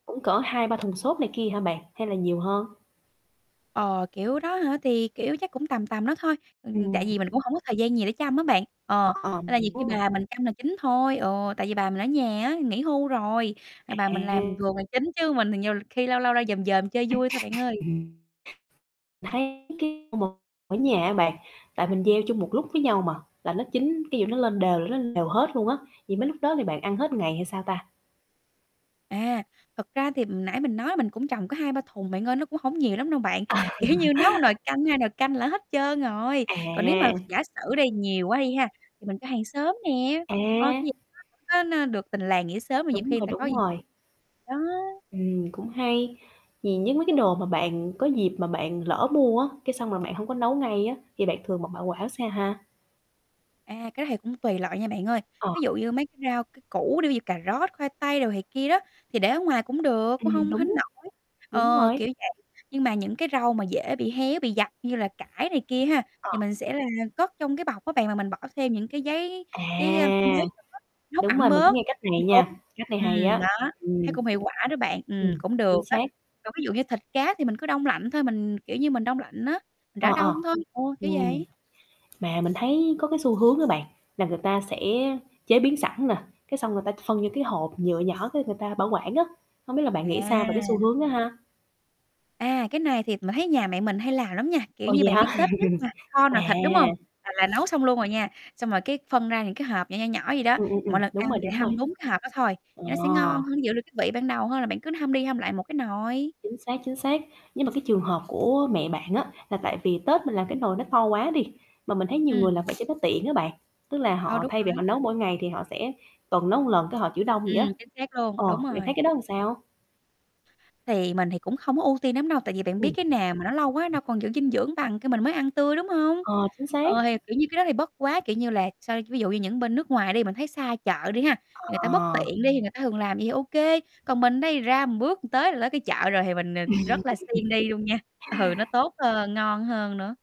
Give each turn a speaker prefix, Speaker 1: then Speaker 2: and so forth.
Speaker 1: Cũng cỡ 2-3 thùng xốp này kia hả bạn? Hay là nhiều hơn?
Speaker 2: Ờ, kiểu đó hả? Thì, kiểu, chắc cũng tầm tầm đó thôi, ừm, ừm, tại
Speaker 1: Ừm.
Speaker 2: vì mình cũng hổng có thời gian gì để chăm á bạn, ờ,
Speaker 1: Ờ,
Speaker 2: nên
Speaker 1: mình
Speaker 2: là nhiều khi
Speaker 1: hiểu rồi.
Speaker 2: bà mình chăm là chính thôi, ừ, tại vì bà mình ở nhà á, nghỉ hưu rồi, à, bà mình làm
Speaker 1: À.
Speaker 2: vườn là chính chứ mình thì nhiều khi lâu lâu ra dòm dòm chơi vui thôi bạn ơi.
Speaker 1: Ừm. Thấy cái [unintelligible] một ở nhà á bạn, tại mình gieo chung một lúc với nhau mà, là nó chín cái dụ nó lên đều là nó lên đều hết luôn á, vậy mấy lúc đó thì bạn ăn hết ngày hay sao ta?
Speaker 2: À, thật ra thì nãy mình nói mình cũng trồng có 2-3 thùng bạn ơi, nó cũng hổng nhiều lắm đâu bạn.
Speaker 1: À.
Speaker 2: Kiểu như, nấu nồi canh, 2 nồi canh là hết trơn rồi, còn nếu mà
Speaker 1: À.
Speaker 2: giả sử đi nhiều quá đi ha, thì mình cho hàng xóm nè, ơ,
Speaker 1: À.
Speaker 2: cái [unintelligible] nó nó được tình làng nghĩa xóm mà nhiều
Speaker 1: Đúng
Speaker 2: khi người
Speaker 1: rồi,
Speaker 2: ta có
Speaker 1: đúng
Speaker 2: gì
Speaker 1: rồi.
Speaker 2: đó.
Speaker 1: Ừm, cũng hay, vì với mấy cái đồ mà bạn có dịp mà bạn lỡ mua á, cái xong là bạn hông có nấu ngay á thì bạn thường bạn bảo quả xa ha?
Speaker 2: À, cái đó thì cũng tùy loại nha bạn ơi.
Speaker 1: Ờ.
Speaker 2: Ví dụ như mấy cái rau, cái củ đi, ví dụ cà rốt, khoai tây đồ này kia đó, thì để ở ngoài cũng được, cũng
Speaker 1: Ừm,
Speaker 2: không hến
Speaker 1: đúng.
Speaker 2: nỗi.
Speaker 1: Đúng
Speaker 2: Ờ,
Speaker 1: rồi.
Speaker 2: kiểu vậy, nhưng mà những cái rau mà dễ bị héo, bị dập như là cải này kia ha, thì
Speaker 1: Ờ.
Speaker 2: mình sẽ là cất trong cái bọc á bạn mà mình bỏ thêm những cái giấy
Speaker 1: À!
Speaker 2: giấy, a, [unintelligible] nó hút
Speaker 1: Đúng
Speaker 2: ẩm
Speaker 1: rồi, mình cứ
Speaker 2: bớt
Speaker 1: nghe cách
Speaker 2: [unintelligible]
Speaker 1: này
Speaker 2: bị úng,
Speaker 1: nha, cách này hay
Speaker 2: ừm
Speaker 1: á.
Speaker 2: đó, thấy
Speaker 1: Ừm.
Speaker 2: cũng hiệu quả đó bạn, ừm,
Speaker 1: Ừm,
Speaker 2: cũng được
Speaker 1: chính xác.
Speaker 2: á. Còn ví dụ như thịt cá thì mình cứ đông lạnh thôi, mình, kiểu như, mình đông lạnh á, mình
Speaker 1: Ờ,
Speaker 2: rã
Speaker 1: ờ.
Speaker 2: đông thôi, [unintelligible] kiểu
Speaker 1: Ừm.
Speaker 2: vậy.
Speaker 1: Mà mình thấy có cái xu hướng á bạn, là người ta sẽ chế biến sẵn nè, cái xong người ta phân vô cái hộp nhựa nhỏ cái người ta bảo quản á, hông biết là bạn nghĩ sao về cái xu
Speaker 2: À.
Speaker 1: hướng đó ha?
Speaker 2: À, cái này thì m thấy nhà mẹ mình hay làm lắm nha, kiểu
Speaker 1: Ồ,
Speaker 2: như,
Speaker 1: vậy
Speaker 2: bạn biết
Speaker 1: hả?
Speaker 2: Tết nhất mà kho
Speaker 1: À.
Speaker 2: nồi thịt, đúng hông? Là là nấu xong luôn rồi nha, xong là cái phân ra những cái hộp nhỏ, nhỏ, nhỏ vậy đó,
Speaker 1: Ừm, ừm,
Speaker 2: mọi
Speaker 1: ừm,
Speaker 2: lần
Speaker 1: đúng
Speaker 2: ăn
Speaker 1: rồi,
Speaker 2: thì
Speaker 1: đúng rồi.
Speaker 2: hâm đúng cái hộp đó thôi,
Speaker 1: À.
Speaker 2: thì nó sẽ ngon hơn, giữ được cái vị ban đầu hơn là bạn cứ hâm đi hâm lại một cái nồi.
Speaker 1: Chính xác, chính xác. Nhưng mà cái trường hợp của mẹ bạn á là tại vì Tết mình làm cái nồi nó to quá đi, mà mình thấy nhiều
Speaker 2: Ừm.
Speaker 1: người làm vậy cho nó tiện á bạn, tức là
Speaker 2: Ờ,
Speaker 1: họ
Speaker 2: đúng
Speaker 1: thay vì họ
Speaker 2: rồi.
Speaker 1: nấu mỗi ngày thì họ sẽ tuần nấu một lần cái họ trữ đông vậy
Speaker 2: Ừm,
Speaker 1: á.
Speaker 2: chính xác luôn,
Speaker 1: Ờ,
Speaker 2: đúng
Speaker 1: bạn thấy
Speaker 2: rồi.
Speaker 1: cái đó làm sao?
Speaker 2: Thì mình thì cũng không có ưu tiên nắm đâu, tại vì bạn biết
Speaker 1: Ừm.
Speaker 2: cái nào mà nó lâu quá đâu còn giữ dinh dưỡng bằng cái mình mới ăn tươi, đúng hông?
Speaker 1: Ờ, chính xác.
Speaker 2: Ờ, thì, kiểu như, cái đó thì bất quá, kiểu như là, sao ví dụ như những bên nước ngoài đi mình thấy xa chợ đi há, người ta bất
Speaker 1: Ờ.
Speaker 2: tiện đi thì người ta thường làm vậy thì ô kê, còn mình đây ra bước tới là tới cái chợ rồi thì mình nịt rất là siêng đi luôn nha, ừ, nó tốt hơn, ngon hơn nữa.